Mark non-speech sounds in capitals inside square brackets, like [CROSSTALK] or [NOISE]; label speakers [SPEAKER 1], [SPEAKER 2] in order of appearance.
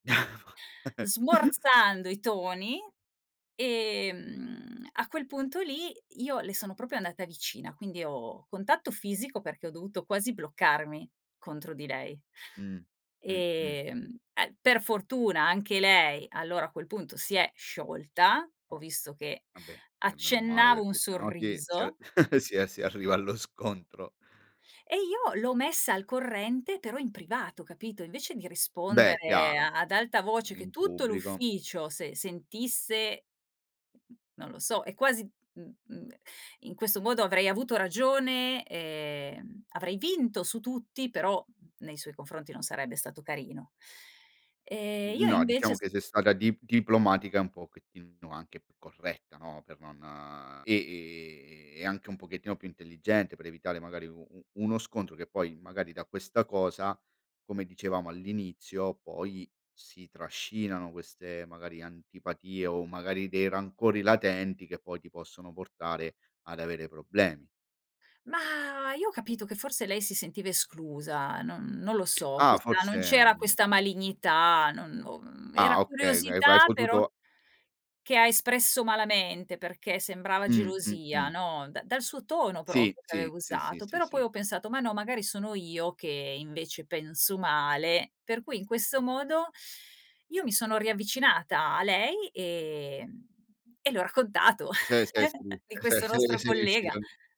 [SPEAKER 1] [CHUCKLES]
[SPEAKER 2] Smorzando i toni, ehm, a quel punto lì, io le sono proprio andata vicina, quindi ho contatto fisico perché ho dovuto quasi bloccarmi contro di lei.
[SPEAKER 1] Mh. Mh-mh.
[SPEAKER 2] Ehm ehm, per fortuna anche lei allora a quel punto si è sciolta, ho
[SPEAKER 1] Oh!
[SPEAKER 2] visto che
[SPEAKER 1] Vabbè, beh meno male
[SPEAKER 2] accennavo un
[SPEAKER 1] perché sennò si si
[SPEAKER 2] sorriso.
[SPEAKER 1] [CHUCKLES] si arriva allo scontro.
[SPEAKER 2] E io l'ho messa al corrente però in privato, capito. Invece di
[SPEAKER 1] Beh,
[SPEAKER 2] rispondere
[SPEAKER 1] chiaro.
[SPEAKER 2] ad alta voce che
[SPEAKER 1] In
[SPEAKER 2] tutto
[SPEAKER 1] pubblico
[SPEAKER 2] l'ufficio se sentisse, non lo so, è quasi i i in questo modo avrei avuto ragione, ehm, avrei vinto su tutti, però nei suoi confronti non sarebbe stato carino. E io
[SPEAKER 1] No,
[SPEAKER 2] invece
[SPEAKER 1] diciamo
[SPEAKER 2] s
[SPEAKER 1] che sei stata di diplomatica, un pochettino anche più corretta, no, per non e e e anche un pochettino più intelligente per evitare magari u u uno scontro che poi magari da questa cosa, come dicevamo all'inizio, poi si trascinano queste magari antipatie o magari dei rancori latenti che poi ti possono portare ad avere problemi.
[SPEAKER 2] Mah, io ho capito che forse lei si sentiva esclusa, non non lo so.
[SPEAKER 1] Ah!
[SPEAKER 2] Questa
[SPEAKER 1] Forse,
[SPEAKER 2] non c'era questa
[SPEAKER 1] mhmm
[SPEAKER 2] malignità, non non
[SPEAKER 1] Ah,
[SPEAKER 2] era
[SPEAKER 1] okay, uhm, hai
[SPEAKER 2] curiosità però,
[SPEAKER 1] potuto
[SPEAKER 2] che ha espresso malamente perché sembrava
[SPEAKER 1] Mh.
[SPEAKER 2] gelosia,
[SPEAKER 1] Mh-mh.
[SPEAKER 2] no? Da dal suo tono
[SPEAKER 1] Sì,
[SPEAKER 2] proprio, che
[SPEAKER 1] sì.
[SPEAKER 2] aveva
[SPEAKER 1] Sì, sì,
[SPEAKER 2] usato,
[SPEAKER 1] sì,
[SPEAKER 2] però poi
[SPEAKER 1] sì.
[SPEAKER 2] ho pensato: "Ma no, magari sono io che invece penso male. Per cui in questo modo io mi sono riavvicinata a lei, ehm, e le ho raccontato
[SPEAKER 1] Se se sei riu
[SPEAKER 2] [CHUCKLES] di
[SPEAKER 1] se
[SPEAKER 2] questo
[SPEAKER 1] se
[SPEAKER 2] nostro
[SPEAKER 1] sei
[SPEAKER 2] collega
[SPEAKER 1] riuscito